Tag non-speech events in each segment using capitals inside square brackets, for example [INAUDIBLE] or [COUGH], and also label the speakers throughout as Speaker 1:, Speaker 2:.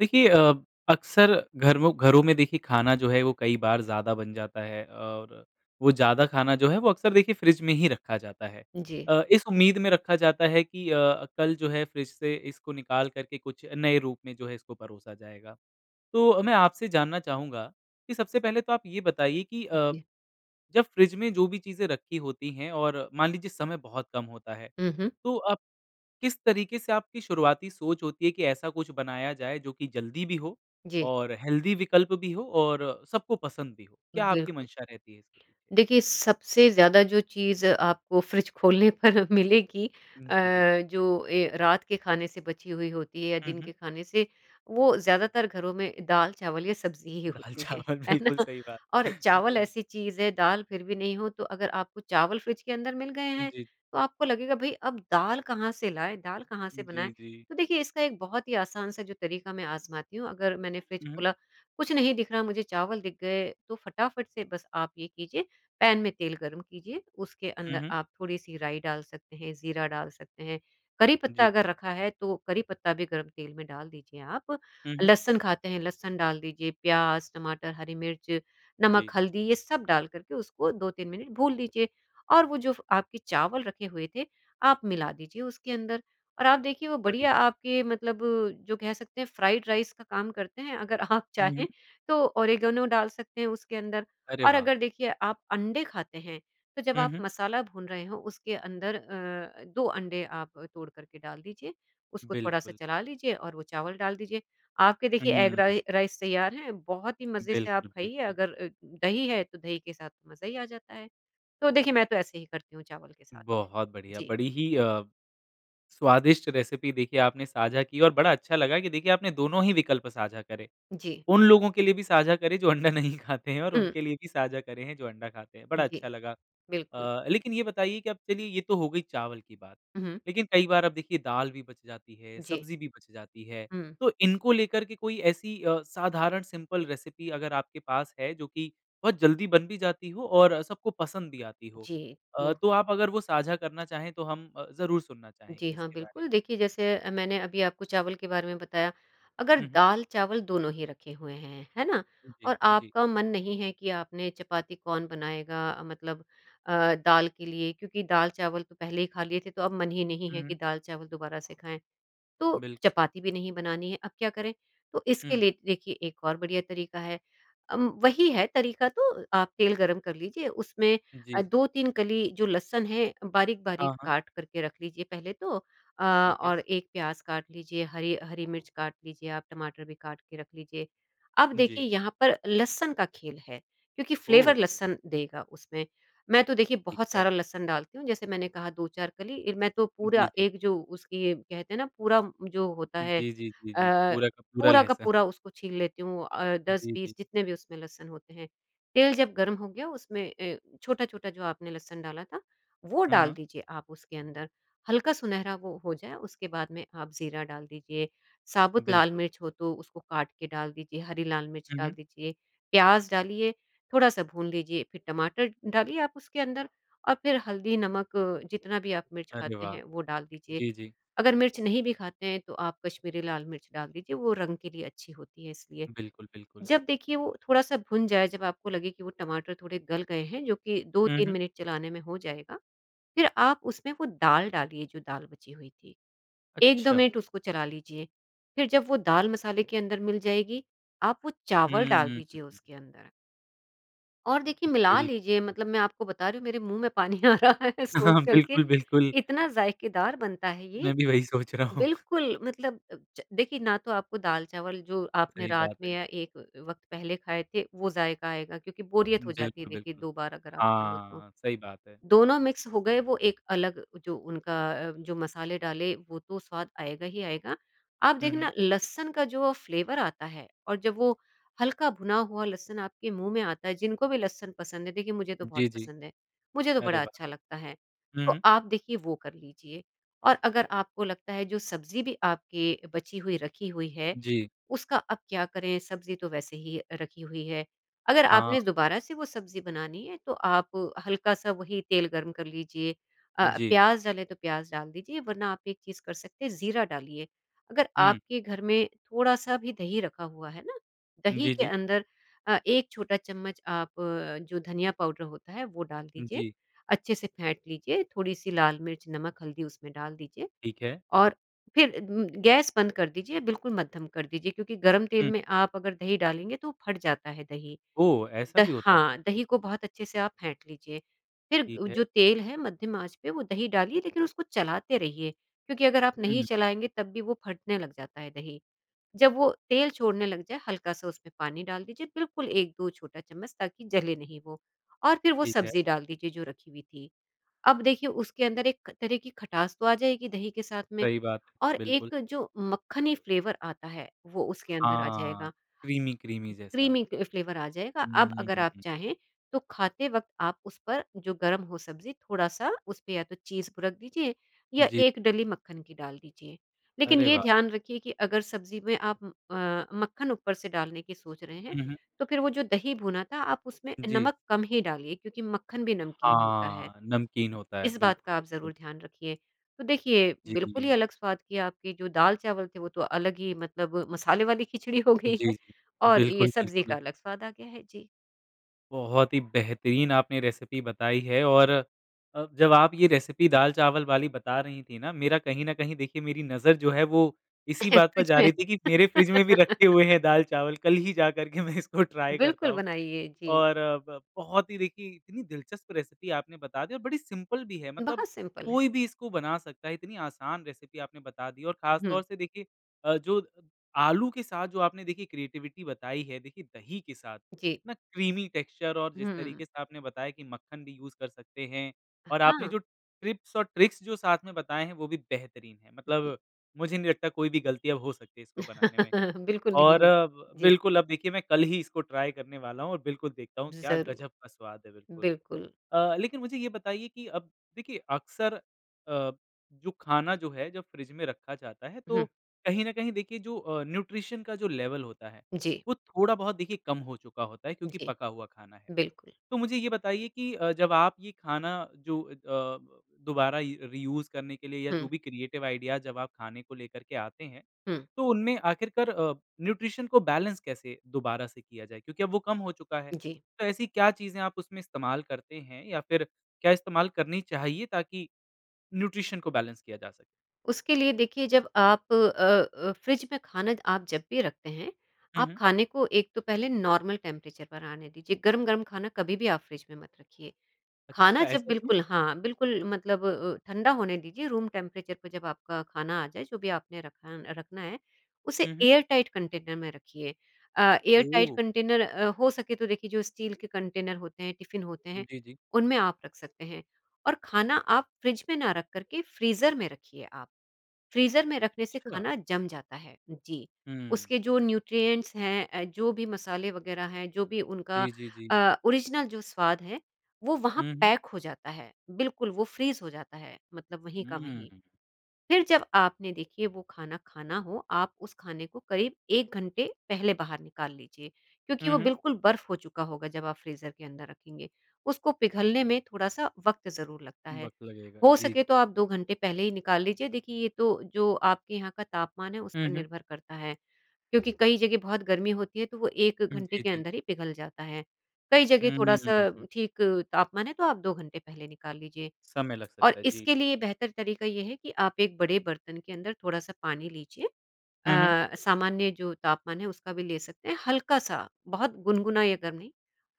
Speaker 1: देखिए अ, अक्सर घरमो घरों में देखिए खाना जो है वो कई बार ज़्यादा बन जाता है। और वो ज़्यादा खाना जो है वो अक्सर देखिए फ्रिज में ही रखा जाता है।
Speaker 2: जी।
Speaker 1: अ, इस उम्मीद में रखा जाता है कि अ, कल जो है फ्रिज से इसको निकाल कर के कुछ नए रूप में जो है इसको परोसा जाएगा। तो मैं आपसे जानना चाहूँगा, कि सबसे पहले तो आप ये बताइए कि अ,
Speaker 2: जी।
Speaker 1: जब फ्रिज में जो भी चीज़ें रखी होती हैं और मान लीजिए समय बहुत कम होता है,
Speaker 2: हुँ, हुँ।
Speaker 1: तो आप किस तरीके से आपकी शुरुआती सोच होती है कि ऐसा कुछ बनाया जाए जो की जल्दी भी हो
Speaker 2: जी।
Speaker 1: और हेल्थी विकल्प भी हो और सबको पसंद भी हो। क्या आपकी
Speaker 2: बिल्कुल।
Speaker 1: मंशा रहती है इसके पीछे?
Speaker 2: देखिए सबसे ज़्यादा जो चीज़ आपको फ्रिज खोलने पर मिलेगी अ,
Speaker 1: जी, जी।
Speaker 2: जो ए रात के खाने से बची हुई होती है या
Speaker 1: हुँ,
Speaker 2: दिन
Speaker 1: हुँ।
Speaker 2: के खाने से, वो ज़्यादातर घरों में दाल चावल या सब्ज़ी ही
Speaker 1: दाल
Speaker 2: होती है।
Speaker 1: चावल,
Speaker 2: है ना?
Speaker 1: बिल्कुल सही बात।
Speaker 2: और चावल
Speaker 1: जी।
Speaker 2: ऐसी चीज़ है, दाल फिर भी नहीं हो तो अगर आपको चावल फ्रिज के अंदर मिल गए हैं,
Speaker 1: जी।
Speaker 2: तो आपको लगेगा भई अब दाल कहाँ से लाए? दाल कहाँ से
Speaker 1: जी,
Speaker 2: बनाए?
Speaker 1: जी।
Speaker 2: तो देखिए इसका एक बहुत ही आसान-सा जो तरीका मैं आज़माती हूँ अगर मैंने फ्रिज
Speaker 1: ऊँहुँ।
Speaker 2: खोला कुछ नहीं दिख रहा मुझे चावल दिख गए, तो फटाफट से बस आप ये कीजिए। पैन में तेल गर्म कीजिए उसके
Speaker 1: हुँ,
Speaker 2: अंदर
Speaker 1: हुँ।
Speaker 2: आप थोड़ी-सी राई डाल सकते हैं, ज़ीरा डाल सकते हैं। करी
Speaker 1: जी।
Speaker 2: पत्ता अगर रखा है तो करी पत्ता भी गर्म तेल में डाल दीजिए आप।
Speaker 1: हुँ, हुँ।
Speaker 2: लहसुन खाते हैं, लहसुन डाल दीजिए, प्याज़, टमाटर, हरी मिर्च, नमक,
Speaker 1: जी।
Speaker 2: हल्दी ये सब डाल करके उसको 2-3 मिनट भून लीजिए। और वो जो फ़ आपके चावल रखे हुए थे, आप मिला दीजिए उसके अंदर और आप देखिए वो बढ़िया
Speaker 1: बढ़िया।
Speaker 2: आपके मतलब जो कह सकते हैं फ्राइड राइस का काम करते हैं। अगर आप
Speaker 1: हुँ, हुँ।
Speaker 2: चाहें तो ओरिगैनो डाल सकते हैं उसके अंदर।
Speaker 1: अरे
Speaker 2: और
Speaker 1: वाह!
Speaker 2: अगर देखिए आप अंडे खाते हैं, तो जब
Speaker 1: हुँ,
Speaker 2: आप
Speaker 1: हुँ।
Speaker 2: मसाला भून रहे हो उसके अंदर अ, 2 अंडे आप तोड़ करके डाल दीजिए, उसको थोड़ा-सा
Speaker 1: बिल्कुल।
Speaker 2: चला लीजिए और वो चावल डाल दीजिए। आपके देखिए एग
Speaker 1: हुँ।
Speaker 2: राइ राइस तैयार है, बहुत ही मज़े से आप
Speaker 1: बिल्कुल,
Speaker 2: खाइए।
Speaker 1: बिल्कुल।
Speaker 2: अगर अ, दही है तो दही के साथ मज़ा ही आ जाता है। तो देखिए मैं तो ऐसे ही करती हूँ चावल के साथ में।
Speaker 1: बहुत बढ़िया।
Speaker 2: जी।
Speaker 1: बड़ी ही अ, स्वादिष्ट रेसिपी देखिए आपने साझा की और बड़ा अच्छा लगा कि देखिए आपने दोनों ही विकल्प साझा करे।
Speaker 2: जी।
Speaker 1: उन लोगों के लिए भी साझा करे जो अंडा नहीं खाते हैं और
Speaker 2: हुँ।
Speaker 1: उनके लिए भी साझा करे हैं जो अंडा खाते हैं, बड़ा अच्छा
Speaker 2: जी।
Speaker 1: लगा
Speaker 2: बिल्कुल।
Speaker 1: अ, लेकिन ये बताइए कि अब चलिए ये तो हो गई चावल की बात।
Speaker 2: हुँ।
Speaker 1: लेकिन कई बार आप देखिए दाल भी बच जाती है,
Speaker 2: जी।
Speaker 1: सब्ज़ी भी बच जाती है।
Speaker 2: हुँ।
Speaker 1: तो इनको लेकर के कोई ऐसी अ, साधारण सिंपल रेसिपी अगर आपके पास है जो कि बहुत जल्दी बन भी जाती हो और सबको पसंद भी आती हो?
Speaker 2: जी,
Speaker 1: अ,
Speaker 2: तो
Speaker 1: तो आप अगर वो साझा करना चाहे तो हम ज़रूर सुनना
Speaker 2: जी
Speaker 1: चाहेंगे
Speaker 2: हाँ,
Speaker 1: उसके बारे में।
Speaker 2: बिल्कुल। देखिए जैसे अ, मैंने अभी आपको चावल के बारे में बताया। अगर
Speaker 1: हुँ, हुँ।
Speaker 2: दाल-चावल दोनों ही रखे हुए हैं, है ना
Speaker 1: जी,
Speaker 2: और
Speaker 1: जी।
Speaker 2: आपका मन नहीं है कि आपने चपाती कौन बनाएगा, मतलब अ, दाल के लिए क्योंकि दाल चावल तो पहले ही खा लिए थे तो अब मन ही नहीं है कि
Speaker 1: हुँ।
Speaker 2: दाल-चावल दोबारा से खाएँ। तो
Speaker 1: बिल्कुल।
Speaker 2: चपाती भी नहीं बनानी है अब क्या करें? तो इसके
Speaker 1: हुँ।
Speaker 2: लिए देखिए एक और बढ़िया तरीका है। अम, वही है तरीका तो आप तेल गरम कर लीजिए उसमें
Speaker 1: जी।
Speaker 2: अ, 2-3 कली जो लहसुन है बारीक-बारीक
Speaker 1: हाँ, हाँ।
Speaker 2: काट करके रख लीजिए पहले तो अ,
Speaker 1: ठीक है।
Speaker 2: और एक प्याज़ काट लीजिए, हरी हरी मिर्च काट लीजिए, आप टमाटर भी काट के रख लीजिए। अब
Speaker 1: जी।
Speaker 2: देखिए यहाँ पर लहसुन का खेल है, क्योंकि फ्लेवर
Speaker 1: ओह!
Speaker 2: लहसुन देगा उसमें। मैं तो देखिए
Speaker 1: ठीक
Speaker 2: बहुत
Speaker 1: है।
Speaker 2: सारा लहसुन डालती हूँ। जैसे मैंने कहा 2-4 कली इर मैं तो
Speaker 1: जी,
Speaker 2: पूरा
Speaker 1: जी।
Speaker 2: एक जो उसकी कहते हैं ना पूरा जो होता है। अ,
Speaker 1: जी, जी, जी, जी, पूरा का पूरा
Speaker 2: पूरा का
Speaker 1: लहसुन।
Speaker 2: पूरा उसको छील लेती हूँ अ, दस
Speaker 1: जी, जी।
Speaker 2: बीस जितने भी उसमें लहसन होते हैं। तेल जब गर्म हो गया उसमें अ, छोटा-छोटा जो आपने लहसुन डाला था वो
Speaker 1: हाँ,
Speaker 2: डाल
Speaker 1: हाँ।
Speaker 2: दीजिए आप उसके अंदर। हल्का सुनहरा वो हो जाए, उसके बाद में आप ज़ीरा डाल दीजिए, साबुत लाल
Speaker 1: बिल्कुल।
Speaker 2: मिर्च हो तो उसको काट के डाल दीजिए, हरी लाल मिर्च
Speaker 1: हुँ,
Speaker 2: डाल
Speaker 1: हुँ।
Speaker 2: दीजिए, प्याज़ डालिए, थोड़ा-सा भून लीजिए फिर टमाटर डालिए आप उसके अंदर और फिर हल्दी, नमक जितना भी आप मिर्च
Speaker 1: अरे
Speaker 2: खाते
Speaker 1: वाह!
Speaker 2: हैं वो डाल दीजिए।
Speaker 1: जी, जी।
Speaker 2: अगर मिर्च नहीं भी खाते हैं तो आप कश्मीरी लाल मिर्च डाल लीजिए वो रंग के लिए अच्छी होती है इसलिए।
Speaker 1: बिल्कुल, बिल्कुल।
Speaker 2: जब देखिए वो थोड़ा-सा भुन जाए, जब आपको लगे कि वो टमाटर थोड़े गल गए हैं जो कि दो
Speaker 1: हुँ,
Speaker 2: तीन
Speaker 1: हुँ।
Speaker 2: मिनट चलाने में हो जाएगा, फिर आप उसमें वो दाल डालिए जो दाल बची हुई थी। 1-2
Speaker 1: अच्छा।
Speaker 2: मिनट उसको चला लीजिए फिर जब वो दाल मसाले के अंदर मिल जाएगी, आप वो चावल डाल
Speaker 1: हम्म।
Speaker 2: दीजिए उसके अंदर। और देखिए, मिला
Speaker 1: बिल्कुल।
Speaker 2: लीजिए, मतलब मैं आपको बता रही हूँ मेरे मुँह में पानी आ रहा है सोच
Speaker 1: [CHUCKLES]
Speaker 2: कर के,
Speaker 1: बिल्कुल, बिल्कुल।
Speaker 2: इतना ज़ायकेदार बनता है ये
Speaker 1: मैं भी वही सोच रहा हूँ।
Speaker 2: बिल्कुल, मतलब अ, ज देखिए, ना तो आपको दाल चावल जो आपने
Speaker 1: सही
Speaker 2: रात
Speaker 1: बात
Speaker 2: में
Speaker 1: है।
Speaker 2: या एक अ, वक़्त पहले खाए थे, वो ज़ायका आएगा, क्योंकि बोरियत हो जाती है
Speaker 1: बिल्कुल,
Speaker 2: देखिए
Speaker 1: बिल्कुल।
Speaker 2: 2 बार अगर आप खा लो तो।
Speaker 1: हाँ, सही बात है।
Speaker 2: दोनों मिक्स हो गए, वो एक अलग जो उनका अ, जो मसाले डाले, वो तो स्वाद आएगा ही आएगा। आप
Speaker 1: हुँ, हुँ।
Speaker 2: देखना लहसुन का जो अ, फ़्लेवर आता है और जब वो हल्का भुना हुआ लहसुन आपके मुँह में आता है, जिनको भी लहसुन पसंद है देखिए मुझे तो बहुत
Speaker 1: जी, जी।
Speaker 2: पसंद है, मुझे तो बड़ा अच्छा लगता है।
Speaker 1: हुँ,
Speaker 2: तो
Speaker 1: हुँ।
Speaker 2: आप देखिए वो कर लीजिए, और अगर आपको लगता है जो सब्ज़ी भी आपकी बची हुई रखी हुई है,
Speaker 1: जी।
Speaker 2: उसका अब क्या करें, सब्ज़ी तो वैसे ही अ, रखी हुई है। अगर
Speaker 1: हाँ।
Speaker 2: आपने दोबारा से वो सब्ज़ी बनानी है, तो आप हल्का-सा वही तेल गर्म कर लीजिए। अ,
Speaker 1: जी।
Speaker 2: प्याज़ डले तो प्याज़ डाल दीजिए, वरना आप एक चीज़ कर सकते हैं, जीरा डालिए। अगर
Speaker 1: हुँ।
Speaker 2: आपके घर में थोड़ा-सा भी दही रखा हुआ है ना, दही
Speaker 1: जी,
Speaker 2: के
Speaker 1: जी।
Speaker 2: अंदर अ, 1 छोटा चम्मच आप जो धनिया पाउडर होता है, वो डाल दीजिए,
Speaker 1: जी।
Speaker 2: अच्छे से फेंट लीजिए, थोड़ी-सी लाल मिर्च, नमक, हल्दी उसमें डाल दीजिए।
Speaker 1: ठीक है।
Speaker 2: और फिर उम, गैस बंद कर दीजिए, बिल्कुल मद्धम कर दीजिए क्योंकि गर्म तेल
Speaker 1: हुँ।
Speaker 2: में आप अगर दही डालेंगे, तो वो फट जाता है दही।
Speaker 1: ओह! ऐसा
Speaker 2: द
Speaker 1: भी होता है।
Speaker 2: हाँ, दही को बहुत अच्छे से आप फेंट लीजिए, फिर
Speaker 1: ठीक
Speaker 2: उ
Speaker 1: है।
Speaker 2: जो तेल है मद्धम आँच पे, वो दही डालिए लेकिन उसको चलाते रहिए, क्योंकि अगर आप
Speaker 1: हुँ,
Speaker 2: नहीं
Speaker 1: हुँ।
Speaker 2: चलाएँगे तब भी वो फटने लग जाता है दही। जब वो तेल छोड़ने लग जाए, हल्का-सा उसमें पानी डाल दीजिए, बिल्कुल 1-2 छोटा चम्मच ताकि जले नहीं वो, और फिर वो
Speaker 1: ठीक है।
Speaker 2: सब्ज़ी डाल दीजिए जो रखी हुई थी। अब देखिए, उसके अंदर एक तरह की खटास तो आ जाएगी दही के साथ में,
Speaker 1: सही बात है।
Speaker 2: और
Speaker 1: बिल्कुल।
Speaker 2: एक जो मक्खनी फ़्लेवर आता है, वो उसके अंदर आ
Speaker 1: हाँ,
Speaker 2: जाएगा।
Speaker 1: क्रीमी-क्रीमी जैसा।
Speaker 2: क्रीमी क अ, फ़्लेवर आ जाएगा, अब
Speaker 1: हम्म,
Speaker 2: अगर
Speaker 1: हुँ,
Speaker 2: आप
Speaker 1: हुँ।
Speaker 2: चाहें तो खाते वक़्त आप उस पर जो गरम हो सब्ज़ी, थोड़ा-सा उस पे या तो चीज़ रख दीजिए या
Speaker 1: जी।
Speaker 2: 1 डली मक्खन की डाल दीजिए। लेकिन
Speaker 1: अरे
Speaker 2: ये
Speaker 1: वाह!
Speaker 2: ध्यान रखिए कि अगर सब्ज़ी में आप अ, मक्खन ऊपर से डालने की सोच रहे हैं,
Speaker 1: हुँ, हुँ।
Speaker 2: तो फिर वो जो दही भुना था, आप उसमें
Speaker 1: जी।
Speaker 2: नमक कम ही डालिए क्योंकि मक्खन भी नमकीन होता है,
Speaker 1: हाँ, नमकीन होता है।
Speaker 2: इस बात
Speaker 1: बिल्कुल,
Speaker 2: का आप
Speaker 1: बिल्कुल।
Speaker 2: ज़रूर ध्यान रखिए। तो देखिए,
Speaker 1: जी,
Speaker 2: बिल्कुल ही
Speaker 1: जी।
Speaker 2: अलग स्वाद की आपकी जो दाल चावल थे, वो तो अलग ही मतलब मसाले वाली खिचड़ी हो गई
Speaker 1: जी,
Speaker 2: है,
Speaker 1: जी।
Speaker 2: और ये
Speaker 1: बिल्कुल,
Speaker 2: सब्ज़ी का
Speaker 1: बिल्कुल।
Speaker 2: अलग स्वाद आ गया है। जी।
Speaker 1: बहुत ही बेहतरीन आपने रेसिपी बताई है और अ, जब आप ये रेसिपी दाल-चावल वाली बता रही थी ना मेरा कहीं न कहीं देखिए मेरी नज़र जो है, वो इसी बात पर
Speaker 2: सच
Speaker 1: जा
Speaker 2: में।
Speaker 1: रही थी कि मेरे फ्रिज में भी
Speaker 2: [LAUGHS]
Speaker 1: रखे हुए हैं दाल-चावल कल ही जा कर के मैं इसको ट्राई करता
Speaker 2: बिल्कुल
Speaker 1: हूँ
Speaker 2: बनाइए, जी।
Speaker 1: और ब बहुत ही देखिए इतनी दिलचस्प रेसिपी आपने बता दी और बड़ी सिंपल भी है, मतलब
Speaker 2: बहुत सिंपल है।
Speaker 1: कोई भी इसको बना सकता है, इतनी आसान रेसिपी आपने बता दी है और ख़ास तौर
Speaker 2: हुँ।
Speaker 1: से देखिए अ, जो आलू के साथ जो आपने देखिए क्रिएटिविटी बताई है देखिए दही के साथ,
Speaker 2: जी।
Speaker 1: इतना क्रीमी टेक्सचर और जिस तरीके
Speaker 2: हुँ।
Speaker 1: से आपने बताया कि मक्खन भी यूज़ कर सकते हैं
Speaker 2: अ,
Speaker 1: और आपने
Speaker 2: हाँ।
Speaker 1: जो टिप्स और ट्रिक्स जो साथ में बताए हैं वो भी बेहतरीन हैं,
Speaker 2: जी।
Speaker 1: मतलब मुझे नहीं लगता कोई भी गलतियाँ हो सकती है इसको बनाने में
Speaker 2: [CHUCKLES] बिल्कुल नहीं
Speaker 1: और
Speaker 2: है जी।
Speaker 1: बिल्कुल अब देखिए मैं कल ही इसको ट्राई करने वाला हूँ और बिल्कुल देखता हूँ क्या
Speaker 2: ज़रूर।
Speaker 1: गजब का स्वाद है बिल्कुल।
Speaker 2: बिल्कुल।
Speaker 1: अ, लेकिन मुझे ये बताइए कि अब देखिए अक्सर अ, जो खाना जो है, जब फ्रिज में रखा जाता है
Speaker 2: हुँ।
Speaker 1: तो कहीं न कहीं देखिए जो अ, न्यूट्रिशन का जो लेवल होता है,
Speaker 2: जी।
Speaker 1: वो थोड़ा बहुत देखिए कम हो चुका होता है क्योंकि
Speaker 2: जी।
Speaker 1: पका हुआ खाना है।
Speaker 2: बिल्कुल।
Speaker 1: तो मुझे ये बताइए कि अ, जब आप ये खाना जो अ ब, दोबारा य री यूज़ करने के लिए या जो
Speaker 2: हुँ।
Speaker 1: भी क्रिएटिव आइडिया जब आप खाने को लेकर के आते हैं।
Speaker 2: हुँ।
Speaker 1: तो उनमें आखिरकार अ, न्यूट्रिशन को बैलेंस कैसे दोबारा से किया जाए? क्योंकि अब वो कम हो चुका है।
Speaker 2: जी।
Speaker 1: तो ऐसी क्या चीज़ें आप उसमें इस्तेमाल करते हैं? या फिर क्या इस्तेमाल करनी चाहिए ताकि न्यूट्रिशन को बैलेंस किया जा सके?
Speaker 2: उसके लिए देखिए जब आप अ अ, फ्रिज में खाना आप जब भी रखते हैं
Speaker 1: हुँ,
Speaker 2: आप
Speaker 1: हुँ।
Speaker 2: खाने को एक तो पहले नॉर्मल टेंपरेचर पर आने दीजिए, गर्म-गर्म खाना कभी भी आप फ्रिज में मत रखिए। खाना
Speaker 1: अच्छा
Speaker 2: जब
Speaker 1: ऐसा क्यों?
Speaker 2: बिल्कुल हाँ, बिल्कुल मतलब अ अ, ठंडा होने दीजिए रूम टेंपरेचर पे जब आपका खाना आ जाए जो भी आपने रखा रखना है। उसे
Speaker 1: हुँ, हुँ।
Speaker 2: एयर टाइट कंटेनर में रखिए अ, एयर टाइट
Speaker 1: ओह!
Speaker 2: कंटेनर अ, हो सके तो देखिए जो स्टील के कंटेनर होते हैं टिफिन होते हैं
Speaker 1: जी, जी।
Speaker 2: उनमें आप रख सकते हैं और खाना आप फ्रिज में ना रख कर के फ्रीज़र में रखिए आप। फ्रीज़र में रखने से
Speaker 1: अच्छा।
Speaker 2: खाना जम जाता है जी,
Speaker 1: हुँ।
Speaker 2: उसके जो न्यूट्रिएंट्स हैं जो भी मसाले वगैरह हैं, जो भी उनका
Speaker 1: जी, जी, जी।
Speaker 2: अ, ओरिजिनल जो स्वाद है वो वहाँ
Speaker 1: हुँ, हुँ।
Speaker 2: पैक हो जाता है बिल्कुल वो फ्रीज़ हो जाता है। मतलब वहीं का वहीं।
Speaker 1: हम्म।
Speaker 2: फिर जब आपने देखिए वो खाना, खाना हो आप उस खाने को करीब 1 घंटे पहले बाहर निकाल लीजिए, क्योंकि
Speaker 1: हुँ,
Speaker 2: वो
Speaker 1: हुँ।
Speaker 2: बिल्कुल बर्फ़ हो चुका होगा जब आप फ्रीज़र के अंदर रखेंगे उसको पिघलने में थोड़ा-सा वक़्त ज़रूर लगता है।
Speaker 1: वक़्त लगेगा,
Speaker 2: हो
Speaker 1: जी, जी।
Speaker 2: सके तो आप 2 घंटे पहले ही निकाल लीजिए देखिए ये तो जो आपके यहाँ का तापमान है उस
Speaker 1: हुँ,
Speaker 2: पर
Speaker 1: हुँ।
Speaker 2: निर्भर करता है, क्योंकि कई जगह बहुत गर्मी होती है तो वो 1
Speaker 1: उम,
Speaker 2: घंटे
Speaker 1: जी,
Speaker 2: के
Speaker 1: जी।
Speaker 2: अंदर ही पिघल जाता है। कई जगह थोड़ा-सा
Speaker 1: हम्म।
Speaker 2: ठीक तापमान है तो आप 2 घंटे पहले निकाल लीजिए
Speaker 1: समय लग
Speaker 2: और
Speaker 1: सकता है, जी।
Speaker 2: इसके लिए बेहतर तरीका ये है कि आप एक बड़े बर्तन के अंदर थोड़ा-सा पानी लीजिए
Speaker 1: हुँ, हुँ।
Speaker 2: अ, सामान्य जो तापमान है उसका भी ले सकते हैं, हल्का-सा बहुत गुनगुना या गर्म नहीं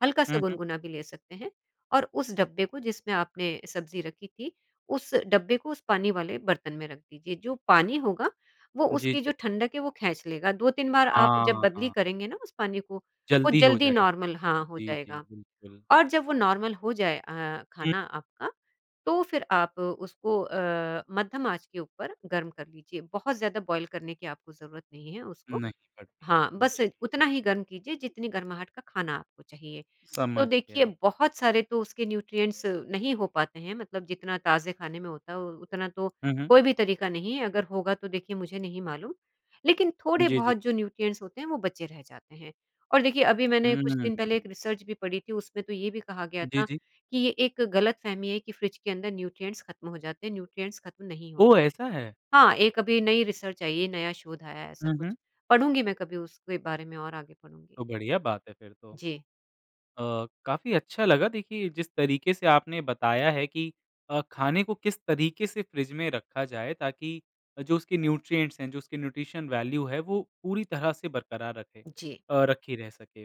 Speaker 2: हल्का-सा
Speaker 1: हुँ, हुँ।
Speaker 2: गुनगुना भी ले सकते हैं और उस डब्बे को जिसमें आपने सब्ज़ी रखी थी उस डब्बे को उस पानी वाले बर्तन में रख दीजिए जो पानी होगा वो
Speaker 1: जी,
Speaker 2: उसकी
Speaker 1: जी।
Speaker 2: जो ठंडक है वो खेंच लेगा 2-3 बार आप जब
Speaker 1: हाँ,
Speaker 2: बदली
Speaker 1: हाँ।
Speaker 2: करेंगे ना उस पानी को, वो
Speaker 1: जल्दी हो
Speaker 2: जल्दी
Speaker 1: जाएगा।
Speaker 2: नॉर्मल हाँ, हो
Speaker 1: जी, जी,
Speaker 2: जाएगा।
Speaker 1: बिल्कुल।
Speaker 2: और जब वो नॉर्मल हो जाए अ,
Speaker 1: हुँ।
Speaker 2: खाना आपका तो फिर आप उसको अ, मद्धम आंच के ऊपर गर्म कर लीजिए, बहुत ज़्यादा बॉयल करने की आपको ज़रूरत नहीं है उसको
Speaker 1: नहीं पड़ती है,
Speaker 2: हाँ, बस
Speaker 1: जी।
Speaker 2: उतना ही गर्म कीजिए जितनी गरमाहट का खाना आपको चाहिए। तो
Speaker 1: समझ
Speaker 2: देखिए
Speaker 1: गया।
Speaker 2: बहुत सारे तो उसके न्यूट्रिएंट्स नहीं हो पाते हैं मतलब जितना ताज़े खाने में होता है उतना तो
Speaker 1: हुँ, हुँ।
Speaker 2: कोई भी तरीका नहीं है, अगर होगा तो देखिए मुझे नहीं मालूम। लेकिन थोड़े
Speaker 1: जी, जी।
Speaker 2: बहुत जो न्यूट्रिएंट्स होते हैं वो बचे रह जाते हैं। और देखिए अभी मैंने कुछ दिन पहले एक
Speaker 1: हम्म।
Speaker 2: रिसर्च भी पढ़ी थी उसमें तो ये भी कहा गया
Speaker 1: जी,
Speaker 2: था
Speaker 1: जी।
Speaker 2: कि ये एक गलतफ़हमी है कि फ्रिज के अंदर न्यूट्रिएंट्स खत्म हो जाते हैं, न्यूट्रिएंट्स खत्म नहीं होते।
Speaker 1: ओह ऐसा है!
Speaker 2: हाँ, एक अभी नई रिसर्च आई है, नया शोध आया है ऐसा
Speaker 1: हुँ, हुँ।
Speaker 2: कुछ, पढ़ूँगी मैं कभी उसके बारे में और आगे पढ़ूँगी।
Speaker 1: तो बढ़िया बात है फिर तो।
Speaker 2: जी।
Speaker 1: अ, काफ़ी अच्छा लगा देखिए जिस तरीके से आपने बताया है कि अ, खाने को किस तरीके से फ्रिज में रखा जाए ताकि जो उसके न्यूट्रिएंट्स हैं, जो उसकी न्यूट्रिशन वैल्यू है वो पूरी तरह से बरकरार रखे
Speaker 2: जी।
Speaker 1: अ, रखी रह सके।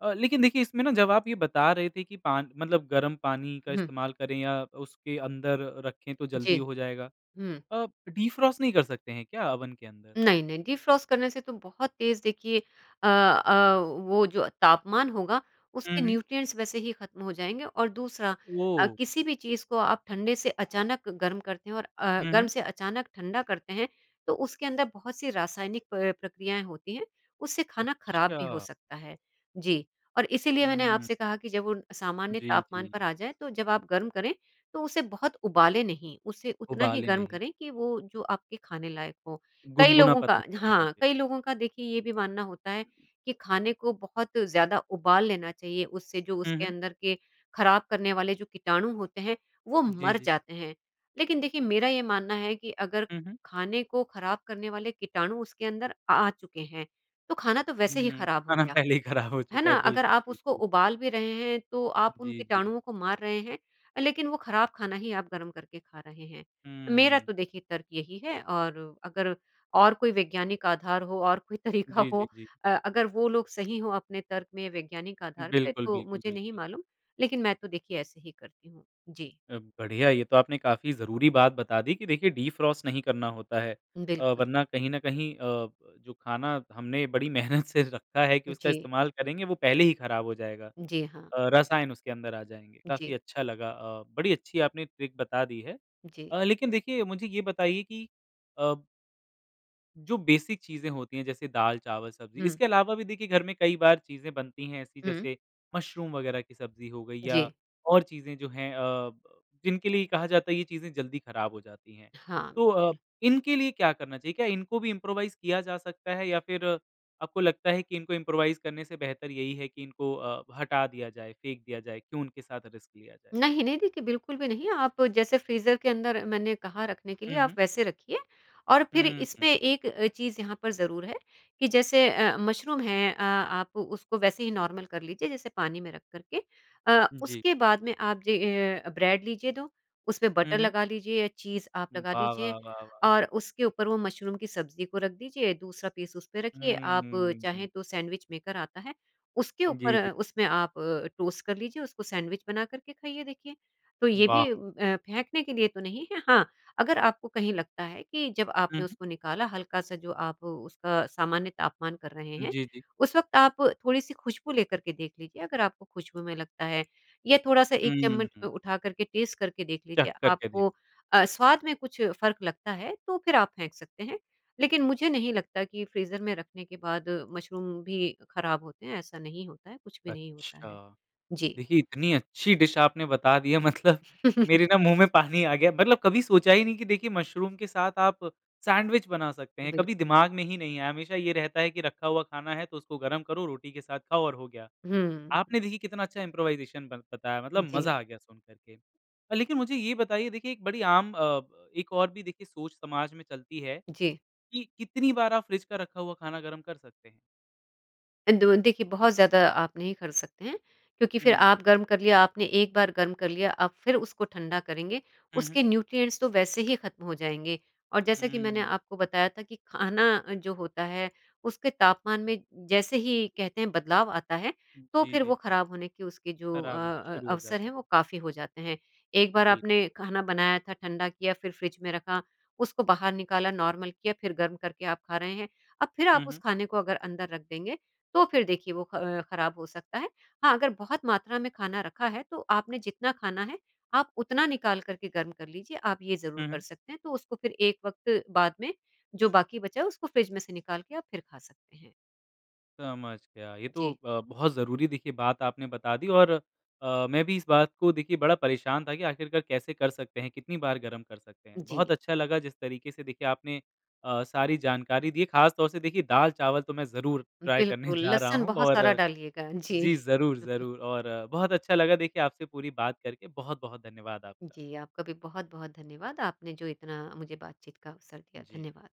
Speaker 1: अ, लेकिन देखिए इसमें ना जब आप ये बता रहे थे कि पान मतलब गर्म पानी का
Speaker 2: हुँ।
Speaker 1: इस्तेमाल करें या उसके अंदर रखें तो जल्दी
Speaker 2: जी।
Speaker 1: हो जाएगा।
Speaker 2: हुँ।
Speaker 1: अ, डिफ्रॉस्ट नहीं कर सकते हैं क्या ओवन के अंदर?
Speaker 2: नहीं-नहीं डिफ्रॉस्ट करने से तो बहुत तेज़ देखिए अ अ, वो जो तापमान होगा
Speaker 1: हुँ,
Speaker 2: उसके
Speaker 1: हुँ।
Speaker 2: न्यूट्रिएंट्स वैसे ही खत्म हो जाएँगे और दूसरा अ,
Speaker 1: ओह!
Speaker 2: किसी भी चीज़ को आप ठंडे से अचानक गर्म करते हैं और अ,
Speaker 1: हुँ,
Speaker 2: गर्म
Speaker 1: हुँ।
Speaker 2: से अचानक ठंडा करते हैं, तो उसके अंदर बहुत सी रासायनिक अ, प्रक्रियाएँ होती हैं उससे खाना खराब भी हो
Speaker 1: अच्छा।
Speaker 2: सकता है। जी, और इसलिए मैंने
Speaker 1: हुँ।
Speaker 2: आपसे कहा कि जब वो सामान्य
Speaker 1: जी,
Speaker 2: तापमान पर
Speaker 1: जी।
Speaker 2: आ जाए तो जब आप गर्म करें, तो उसे बहुत उबालें नहीं उसे उतना ही
Speaker 1: उबाले
Speaker 2: गर्म
Speaker 1: नहीं।
Speaker 2: करें कि वो जो आपके खाने लायक हो। कई
Speaker 1: गुनगुना
Speaker 2: लोगों
Speaker 1: पता
Speaker 2: का
Speaker 1: चलने
Speaker 2: हाँ,
Speaker 1: लगे।
Speaker 2: कई लोगों का देखिए ये भी मानना होता है कि खाने को बहुत ज़्यादा उबाल लेना चाहिए उससे जो
Speaker 1: हुँ,
Speaker 2: उसके
Speaker 1: हुँ।
Speaker 2: अंदर के खराब करने वाले जो कीटाणु होते हैं वो
Speaker 1: जी,
Speaker 2: मर
Speaker 1: जी।
Speaker 2: जाते हैं। लेकिन देखिए मेरा ये मानना है कि अगर
Speaker 1: हुँ, हुँ।
Speaker 2: खाने को खराब करने वाले कीटाणु उसके अंदर आ चुके हैं, तो खाना तो वैसे ही
Speaker 1: हुँ,
Speaker 2: खराब हो
Speaker 1: खाना
Speaker 2: गया,
Speaker 1: पहले ही खराब हो
Speaker 2: है
Speaker 1: चुका
Speaker 2: ना?
Speaker 1: है
Speaker 2: अगर
Speaker 1: बिल्कुल,
Speaker 2: आप उसको
Speaker 1: बिल्कुल।
Speaker 2: उबाल भी रहे हैं तो आप उन
Speaker 1: जी, जी।
Speaker 2: कीटाणुओं को मार रहे हैं, लेकिन वो खराब खाना ही आप गर्म करके खा रहे हैं। मेरा
Speaker 1: हम्म।
Speaker 2: तो देखिए तर्क़ यही है और अगर और कोई वैज्ञानिक आधार हो और कोई तरीका
Speaker 1: जी,
Speaker 2: हो
Speaker 1: जी, जी।
Speaker 2: अ अगर वो लोग सही हो अपने तर्क़ में वैज्ञानिक आधार पे
Speaker 1: बिल्कुल,
Speaker 2: तो
Speaker 1: बिल्कुल,
Speaker 2: मुझे नहीं
Speaker 1: बिल्कुल।
Speaker 2: मालूम, लेकिन मैं तो देखिए ऐसे ही करती हूँ। जी।
Speaker 1: अ, बढ़िया ये तो आपने काफ़ी जरूरी बात बता दी कि देखिए डिफ्रॉस्ट नहीं करना होता है। अ,
Speaker 2: बिल्कुल।
Speaker 1: वरना कहीं न कहीं अ, जो खाना हमने बड़ी मेहनत से रखा है कि उसका
Speaker 2: जी।
Speaker 1: इस्तेमाल करेंगे वो पहले ही खराब हो जाएगा।
Speaker 2: जी हाँ।
Speaker 1: अ, रसायन उसके अंदर आ जाएँगे
Speaker 2: जी।
Speaker 1: काफ़ी अच्छा लगा अ, बड़ी अच्छी आपने ट्रिक बता दी है।
Speaker 2: जी।
Speaker 1: अ, लेकिन देखिए मुझे यह बताइए कि अ जो बेसिक चीज़ें होती हैं जैसे दाल, चावल, सब्जी
Speaker 2: हुँ।
Speaker 1: इसके अलावा भी देखिए घर में कई बार चीज़ें बनती हैं ऐसी
Speaker 2: हुँ।
Speaker 1: जैसे मुशरूम वगैरह की सब्जी हो गयी या
Speaker 2: जी।
Speaker 1: और चीज़ें जो हैं अ ब जिनके लिए कहा जाता है ये चीज़ें जल्दी खराब हो जाती हैं।
Speaker 2: हाँ,
Speaker 1: तो अ,
Speaker 2: बिल्कुल।
Speaker 1: इनके लिए क्या करना चाहिए? क्या इनको भी इम्प्रोवाइज़ किया जा सकता है या फिर आपको लगता है कि इनको इम्प्रोवाइज़ करने से बेहतर यही है कि इनको अ, हटा दिया जाए, फेंक दिया जाए, क्यों उनके साथ रिस्क लिया जाए?
Speaker 2: नहीं-नहीं देखिए बिल्कुल भी नहीं आप जैसे फ्रीज़र के अंदर मैंने कहा रखने के
Speaker 1: हुँ,
Speaker 2: लिए आप
Speaker 1: हुँ।
Speaker 2: वैसे रखिए और फिर
Speaker 1: हुँ, हुँ।
Speaker 2: इसमें एक चीज़ यहाँ पर ज़रूर है कि जैसे अ, मशरूम हैं अ आप उसको वैसे ही नॉर्मल कर लीजिए जैसे पानी में रख करके। अ,
Speaker 1: जी।
Speaker 2: उसके बाद में आप जी ए, ब्रेड लीजिए दो, उसमें बटर
Speaker 1: हुँ, हुँ।
Speaker 2: लगा लीजिए या चीज़ आप लगा
Speaker 1: वाह, वाह,
Speaker 2: लीजिए
Speaker 1: वाह, वाह!
Speaker 2: और उसके ऊपर वो मशरूम की सब्ज़ी को रख दीजिए, दूसरा पीस उस पे रखिए
Speaker 1: हुँ,
Speaker 2: आप
Speaker 1: हुँ, हुँ, हुँ।
Speaker 2: चाहें तो सैंडविच मेकर आता है उसके
Speaker 1: जी,
Speaker 2: ऊपर
Speaker 1: जी।
Speaker 2: उसमें आप टोस्ट कर लीजिए उसको सैंडविच बना कर के खाइए देखिए। तो ये भी
Speaker 1: वाह!
Speaker 2: अ, फेंकने के लिए तो नहीं है हाँ, अगर आपको कहीं लगता है कि जब
Speaker 1: हुँ,
Speaker 2: आपने
Speaker 1: हुँ।
Speaker 2: उसको निकाला हल्का-सा जो आप उसका सामान्य तापमान कर रहे
Speaker 1: उम,
Speaker 2: हैं,
Speaker 1: जी, जी।
Speaker 2: उस वक़्त आप थोड़ी-सी खुशबू लेकर के देख लीजिए अगर आपको खुशबू में लगता है या थोड़ा-सा एक
Speaker 1: हुँ,
Speaker 2: चम्मच अ,
Speaker 1: हुँ।
Speaker 2: उठा कर के टेस्ट करके देख
Speaker 1: चख़
Speaker 2: लीजिए
Speaker 1: कर के देख
Speaker 2: आपको अ, स्वाद में कुछ फ़र्क लगता है तो फिर आप फेंक सकते हैं। लेकिन मुझे नहीं लगता कि फ्रीज़र में रखने के बाद मशरूम भी खराब होते हैं, ऐसा नहीं होता है कुछ भी नहीं होता है।
Speaker 1: अच्छा।
Speaker 2: जी।
Speaker 1: देखिए इतनी अच्छी डिश आपने बता दी है मतलब
Speaker 2: [CHUCKLES]
Speaker 1: मेरे ना मुँह में पानी आ गया मतलब कभी सोचा ही नहीं कि देखिए मुशरूम के साथ आप सैंडविच बना सकते हैं कभी
Speaker 2: बिल्कुल।
Speaker 1: दिमाग ने ही नहीं आया। हमेशा ये रहता है कि रखा हुआ खाना है तो उसको गरम करो रोटी के साथ खाओ और हो गया।
Speaker 2: हुँ।
Speaker 1: आपने देखिए कितना अच्छा इम्प्रोवाइज़ेशन बन बताया मतलब
Speaker 2: जी।
Speaker 1: मज़ा आ गया सुन कर के। अ, लेकिन मुझे ये बताइए देखिए एक बड़ी आम अ, एक और भी देखिए सोच समाज में चलती है,
Speaker 2: जी।
Speaker 1: कि कितनी बार आप फ्रिज का रखा हुआ खाना गरम कर सकते हैं?
Speaker 2: अंदो देखिए बहुत ज़्यादा आप नहीं कर सकते हैं। क्योंकि फिर
Speaker 1: हुँ।
Speaker 2: आप गर्म कर लिया, आपने 1 बार गर्म कर लिया, आप फिर उसको ठंडा करेंगे
Speaker 1: हुँ, हुँ।
Speaker 2: उसके न्यूट्रिएंट्स तो वैसे ही खत्म हो जाएँगे और जैसा कि मैंने
Speaker 1: हम्म।
Speaker 2: आपको बताया था कि खाना जो होता है उसके तापमान में जैसे ही कहते हैं बदलाव आता है तो
Speaker 1: जी,
Speaker 2: फिर
Speaker 1: जी,
Speaker 2: वो
Speaker 1: जी।
Speaker 2: खराब होने के उसके जो अ
Speaker 1: खराब होने
Speaker 2: अ,
Speaker 1: शुरू हो
Speaker 2: अवसर
Speaker 1: जाता
Speaker 2: हैं वो
Speaker 1: है।
Speaker 2: काफ़ी हो जाते हैं। 1 बार
Speaker 1: बिल्कुल।
Speaker 2: आपने खाना बनाया था, ठंडा किया, फिर फ्रिज में रखा, उसको बाहर निकाला, नॉर्मल किया, फिर गर्म करके आप खा रहे हैं। अब फिर आप
Speaker 1: हुँ,
Speaker 2: उस
Speaker 1: हुँ।
Speaker 2: खाने को अगर अंदर रख देंगे तो फिर देखिए वो ख खराब हो सकता है। हाँ, अगर बहुत मात्रा में खाना रखा है तो आपने जितना खाना है, आप उतना निकाल कर के गर्म कर लीजिए। आप ये ज़रूर
Speaker 1: हुँ,
Speaker 2: कर
Speaker 1: हुँ।
Speaker 2: सकते हैं तो उसको फिर एक वक़्त बाद में जो बाकी बचा है उसको फ्रिज में से निकाल के आप फिर खा सकते हैं।
Speaker 1: समझ गया। ये तो
Speaker 2: जी।
Speaker 1: अ, बहुत ज़रूरी देखिए बात आपने बता दी और अ, मैं भी इस बात को देखिए बड़ा परेशान था कि आखिरकार कैसे कर सकते हैं, कितनी बार गरम कर सकते हैं।
Speaker 2: जी।
Speaker 1: बहुत अच्छा लगा जिस तरीके से देखिए आपने अ, सारी जानकारी दी, खासतौर से देखिए दाल चावल तो मैं ज़रूर ट्राई करने
Speaker 2: बिल्कुल,
Speaker 1: [CHUCKLES] जा रहा
Speaker 2: लहसुन
Speaker 1: हूँ।
Speaker 2: बहुत सारा
Speaker 1: और
Speaker 2: डालिएगा। जी।
Speaker 1: जी, ज़रूर,
Speaker 2: [CHUCKLES]
Speaker 1: ज़रूर। और बहुत अच्छा लगा देखिए आपसे पूरी बात करके। बहुत-बहुत धन्यवाद आपका।
Speaker 2: जी, आपका भी बहुत-बहुत धन्यवाद, आपने जो इतना मुझे बातचीत का अवसर दिया।
Speaker 1: जी।
Speaker 2: धन्यवाद।